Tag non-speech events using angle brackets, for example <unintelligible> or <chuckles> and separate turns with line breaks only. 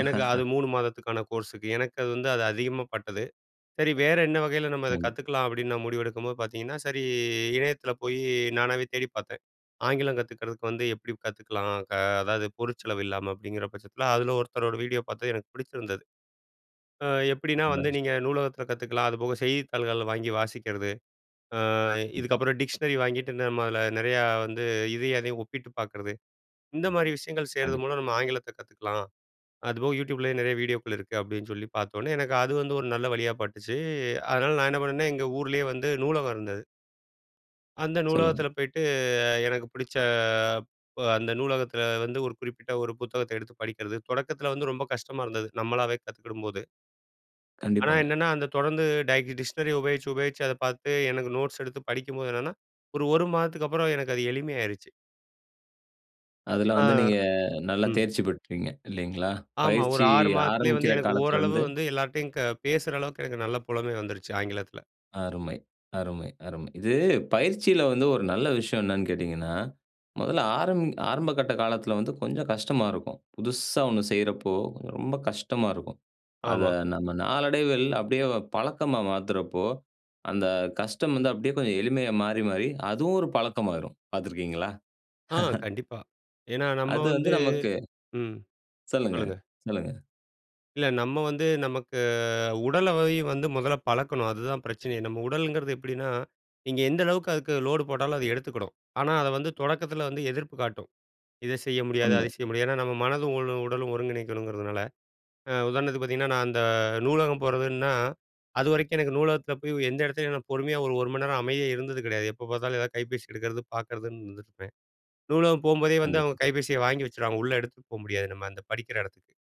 எனக்கு அது 3 மாதத்துக்கான கோர்ஸுக்கு. எனக்கு அது வந்து அது அதிகமா பட்டது. சரி, வேற என்ன வகையில நம்ம அத
நிச்சியமா.
கத்துகலாம்? அப்டின்னு நான் முடிவெடுக்கும்போது பாத்திங்கன்னா, சரி இணையத்துல போய் நானாவே தேடி பாத்தன். ஆங்கிலம் கத்துக்கிறதுக்கு வந்து எப்பிடி கத்துக்கலாம்? க அதாது பொருள் செலவு இல்லாம அப்டிங்கிற பட்சத்துல அதுல ஒருத்தரோட வீடியோ பாத்த எனக்கு பிடிச்சிருந்தது. ம் எப்டின்னா வந்து
<unintelligible>
நீங்க நூலகத்துல கத்துக்கலாம் அதுபோக செய்தித்தாள்கள் வாங்கி வாசிக்கிறது. ம்.
கண்டிப்பா.
இதுக்கப்புறம் டிக்ஷனரி வாங்கிட்டு இதுல நம்ம நெறையா வந்து இதையும், அதையும் ஒப்பிட்டு பாக்கறது. இந்த மாரி விஷயங்கள் செய்றது
கண்டிப்பா.
மூலம் நம்ம ஆங்கிலத்த கத்துக்கலாம். அதுபோக YouTubeலேயே நெறைய வீடியோக்கள் இருக்கு அப்டின்னு சொல்லி பாத்தோனே, எனக்கு அது வந்து ஒரு நல்ல வழியா பட்டுச்சு, அதனால நான் என்ன பண்ணுனேன் எங்க ஊர்லே வந்து நூலகம் இருந்தது. அந்த
சொல்லுங்க.
நூலகத்துல போய்ட்டு அ எனக்கு புடிச்ச ப அந்த நூலகத்துல வந்து ஒரு குறிப்பிட்ட ஒரு புத்தகத்த எடுத்து படிக்கிறது. தொடக்கத்துல வந்து ரொம்ப கஷ்டமா இருந்தது, நம்மளாவே கத்துக்கிடும்போது. ஆனா,
கண்டிப்பாங்க.
என்னன்னா அந்த தொடந்து டை டிஷ்னரி உபயோச்சு உபயோச்சு அத பாத்து எனக்கு நோட்ஸ் எடுத்து படிக்கும்போது என்னென்னா, ஒரு ஒரு மாதத்துக்கு அப்புறம் எனக்கு அது எளிமை ஆயிருச்சு.
அதுல வந்து
ஆ,
நீங்க நல்லா
ம்.
தேர்ச்சி பெற்றீங்க இல்லிங்களா?
ஆமா. ஒரு
பயிற்சி
6 மாதத்திலே
ஆரம்பிக்கிற
வந்து எனக்கு ஓரளவு
காலத்துலந்து
வந்து எல்லார்டையும் க பேசுற அளவுக்கு எனக்கு நல்ல புலமை வந்துடுச்சு ஆங்கிலத்துல.
அருமை, அருமை, அருமை. இது பயிற்சியில வந்து ஒரு நல்ல விஷயம் என்னனு கேட்டீங்கன்னா, மொதல்ல ஆரம் ஆரம்பகட்ட காலத்துல வந்து கொஞ்ச கஷ்டமா இருக்கும். புதுசா ஒண்ணு செய்றப்போ ரொம்ப கஷ்டமா இருக்கும். அத
ஆமா.
நம்ம நாளடைவில் அப்டியே பழக்கமா மாத்துறப்போ, அந்த கஷ்டம் வந்து அப்டியே கொஞ்சம் எளிமையா மாறி, மாறி அது ஒரு பழக்கமாயிரும் பாத்துருக்கீங்களா?
ஆ,
<chuckles>
கண்டிப்பா. ஏன்னா நம்ம
அது வந்து
வந்து
நமக்கு
ம்.
சொல்லுங்க,
சொல்லுங்க.
சொல்லுங்க.
இல்ல, நம்ம வந்து நமக்கு உடல்லை வந்து முதல்ல பழக்கணும். அதுதா பிரச்சனையே நம்ம உடலுங்குறது எப்படின்னா, நீங்க எந்த அளவுக்கு அதுக்கு லோடு போட்டாலும் அதை எடுத்துக்குடும். ஆனா அத வந்து தொடக்கத்துல வந்து எதிர்ப்பு காட்டும் இதை செய்ய முடியாது,
உண்மை.
அதை செய்ய முடியாது ஏன்னா நம்ம மனதும், உ உடலும் ஒருங்கிணைக்கணுங்கிறதுனால. அ உதாரணத்துக்கு பாத்தீங்கன்னா, நான் அந்த நூலகம் போறதுன்னா அதுவரைக்கும் எனக்கு நூலகத்துல போய் எந்த இடத்துலயும் நான் பொறுமையா ஓர் 1 மணி நேரம் அமைதியா இருந்தது கிடையாது. எப்ப பாத்தாலும் ஏதா கைபேசி எடுக்கிறது பாக்கறதுன்னு இருந்துருப்பேன், நூலகம் போம்போதே வந்து அவங்க
கண்டிப்பா.
கைபேசிய வாங்கி வச்சுருவாங்க உள்ள எடுத்துகட்டு போக முடியாது நம்ம அந்த படிக்கிற எடத்துக்கு.